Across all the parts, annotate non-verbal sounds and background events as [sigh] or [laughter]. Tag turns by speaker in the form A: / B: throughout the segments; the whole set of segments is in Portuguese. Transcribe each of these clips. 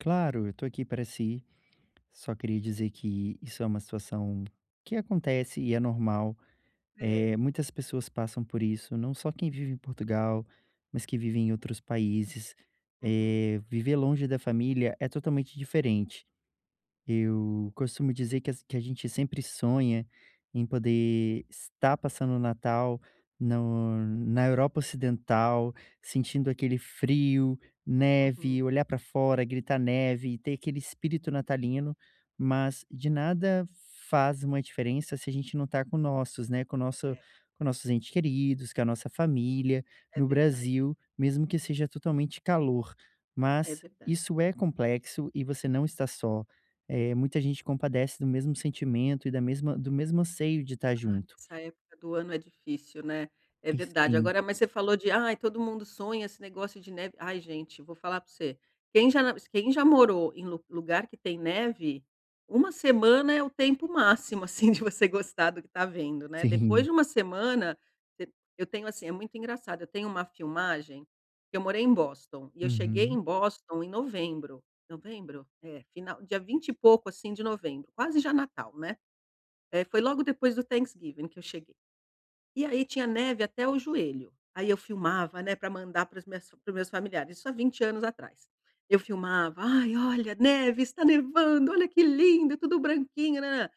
A: Claro, eu tô aqui para si, só queria dizer que isso é uma situação que acontece e é normal,
B: É.
A: eh, muitas pessoas passam por isso, não só quem vive em Portugal, mas que vive em outros países,
B: Uhum.
A: eh, viver longe da família é totalmente diferente. Eu costumo dizer, que as que a gente sempre sonha em poder estar passando o Natal no na Europa Ocidental, sentindo aquele frio, neve,
B: Uhum.
A: olhar pra fora e gritar: "Neve" e ter aquele espírito natalino, mas de nada faz uma diferença, se a gente não tá com nossos, né, com o nosso
B: É.
A: com nossos ente queridos, com a nossa família,
B: É
A: no
B: verdade.
A: Brasil mesmo que seja totalmente calor,
B: É
A: mas
B: verdade.
A: isso é complexo e você não está só, eh, muita gente compadece do mesmo sentimento e da mesma do mesmo anseio de estar
B: Ai
A: junto.
B: essa época do ano é difícil, né. É
A: E
B: verdade,
A: sim.
B: agora mas você falou de ai todo mundo sonha esse negócio de neve, ai gente, vou falar pra você, quem já na quem já morou em lu lugar que tem neve, 1 semana é o tempo máximo, assim, de você gostar do que tá vendo, né, depois
A: Sim.
B: de uma semana e eu tenho, assim, é muito engraçado, tenho uma filmagem, que eu morei em Boston, e eu cheguei
A: Uhum.
B: em Boston em novembro, "novembro"? É, final dia vinte e pouco assim de novembro, quase já Natal, né, eh, foi logo depois do Thanksgiving que eu cheguei e aí tinha neve até o joelho, aí eu filmava, né, pra mandar para as minhas para os meus familiares isso há 20 anos atrás. Eu filmava, "Ai olha neve, está nevando, olha que lindo tudo branquinho nã nã nã".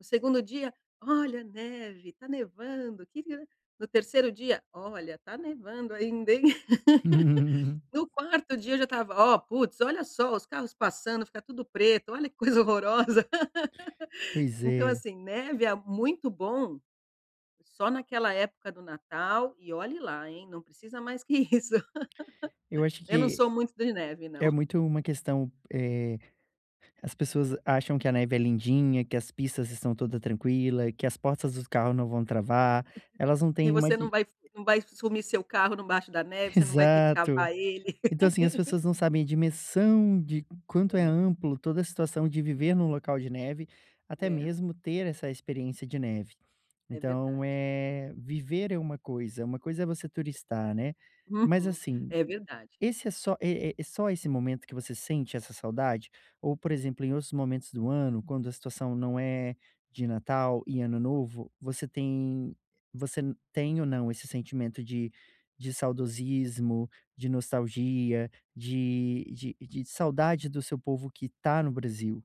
B: No 2º dia, "Olha neve tá nevando que li" no 3º dia, "Olha tá nevando ainda hein?" [laughs]
A: [chuckles]
B: No 4º dia eu já estava, "Ó puts, olha só os carros passando, fica tudo preto, olha que coisa horrorosa". [laughs]
A: Pois
B: Então,
A: é.
B: assim, neve é a muito bom, só naquela época do Natal, e olhe lá, hein, não precisa mais que isso.
A: Eu
B: [laughs]
A: acho
B: Eu não
A: que
B: sou muito de neve
A: é
B: não.
A: muito
B: [chuckles]
A: uma questão, eh, as pessoas acham que a neve é lindinha, que as pistas estão toda tranquila, e que as portas do carro não vão travar, elas não
B: Que
A: têm uma
B: você não
A: de
B: vai não vai sumir seu carro embaixo da neve, você não vai ter que
A: Exato.
B: cavar ele.
A: Então, assim, as pessoas
B: [laughs]
A: não sabem, a dimensão de quanto é
B: É.
A: amplo toda a situação, de viver em um local de neve, até
B: É.
A: mesmo, ter essa experiência de neve.
B: É
A: Então
B: verdade.
A: é, viver é uma coisa, uma coisa é você turistar, né, mas,
B: Uhum.
A: assim,
B: É verdade.
A: esse é só é é só esse momento que você sente essa saudade? Ou por exemplo, em outros momentos do ano, quando a situação não é de Natal e Ano Novo você tem você tem ou não esse sentimento de de saudosismo, de nostalgia, de de de saudade do seu povo que tá no Brasil?